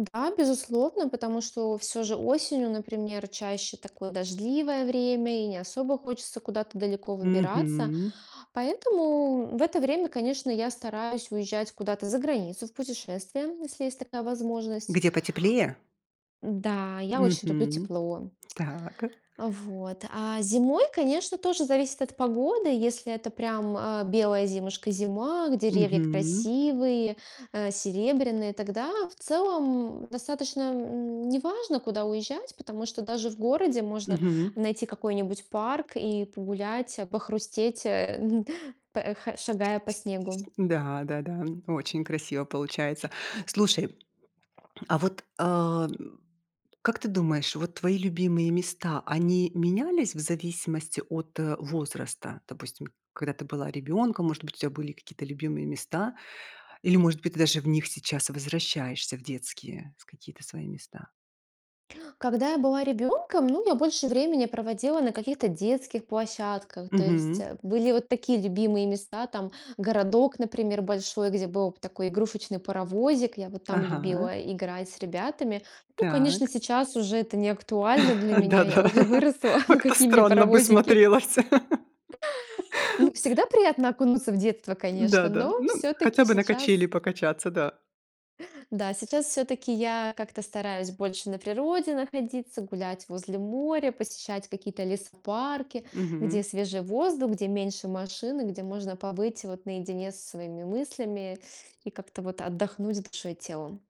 Да, безусловно, потому что всё же осенью, например, чаще такое дождливое время и не особо хочется куда-то далеко выбираться. Мгм. Поэтому в это время, конечно, я стараюсь уезжать куда-то заграницу в путешествие, если есть такая возможность. Где потеплее? Да, я очень люблю Мгм. тепло. Так. А вот. А, зимой, конечно, тоже зависит от погоды. Если это прям, а, белая зимушка-зима, к деревья Мгм. красивые, а, серебряные, тогда в целом достаточно, м, неважно, куда уезжать, потому что даже в городе можно Мгм. найти какой-нибудь парк и погулять, а, похрустеть, эн п э х ш шагая Сь по снегу. и сь да, да-да, н очень красиво получается. Слушай, а вот, а, н как ты думаешь, вот твои любимые места, они менялись в зависимости от, э, возраста? Допустим, когда ты была ребёнком, может быть, у тебя были какие-то любимые места? Или, может быть, ты даже в них сейчас возвращаешься в детские, с какие-то свои места? Когда я была ребенком, ну, я больше времени проводила на каких-то детских площадках, то есть, Мгм. а, были вот такие любимые места, там городок, например, большой, где была п такой игрушечный паровозик. Я вот там Ага. любила играть с ребятами. Ну, конечно, Так. сейчас уже это не актуально для меня, я Да-да, уже выросла. Ну, как-то какие мне странно бы паровозики? смотрелась. Ну, всегда приятно окунуться в детство, Н-да, конечно, да. но Ну, всё-таки хотя бы на сейчас качели покачаться, да. Да, сейчас всё-таки я как-то стараюсь больше на природе находиться, гулять возле моря, посещать какие-то лесопарки, где Мгм. свежий воздух, где меньше машин, и где можно побыть вот наедине со своими мыслями и как-то вот отдохнуть душой и телом.